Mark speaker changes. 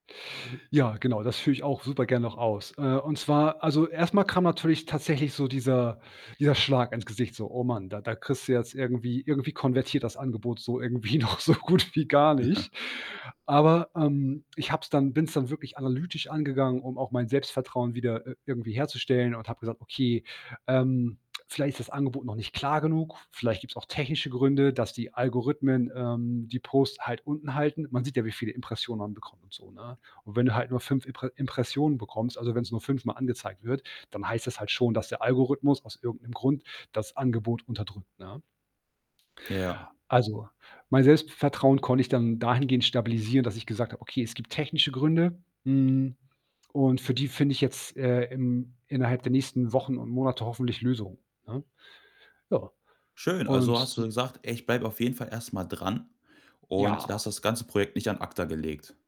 Speaker 1: Ja, genau, das führe ich auch, super gern, noch aus. Äh, und zwar, also, erstmal kam natürlich tatsächlich so dieser dieser Schlag ins Gesicht. So: „Oh Mann, da da kriegst du jetzt irgendwie irgendwie konvertiert, das Angebot, so irgendwie noch so gut wie gar nicht.“ Aber, ähm, ich habe es dann bin's dann wirklich analytisch angegangen, um auch mein Selbstvertrauen, wieder, äh, irgendwie herzustellen und habe gesagt: „Okay, ähm, vielleicht ist das Angebot noch nicht klar genug. Vielleicht gibt's auch technische Gründe, dass die Algorithmen, ähm, die Posts halt unten halten.“ Man sieht ja, wie viele Impressionen man bekommt, so, ne? Und wenn du halt nur 5 Impre Impressionen bekommst, also, wenn's nur fünfmal angezeigt wird, dann heißt das halt schon, dass der Algorithmus, aus irgend 'nem Grund das Angebot unterdrückt, ne?
Speaker 2: Ja.
Speaker 1: Also, mein Selbstvertrauen, konnte ich dann dahingehend stabilisieren, dass ich gesagt habe: „Okay, es gibt technische Gründe, hm, und für die finde ich jetzt, äh, im innerhalb der nächsten Wochen und Monate hoffentlich Lösungen.“, ne? Ja,
Speaker 2: Schön,
Speaker 1: und
Speaker 2: also, hast du
Speaker 1: s
Speaker 2: dann gesagt: „Ey, ich bleibe, auf jeden Fall, erst mal dran und hast
Speaker 1: Ja.
Speaker 2: das ganze Projekt nicht an acta gelegt.“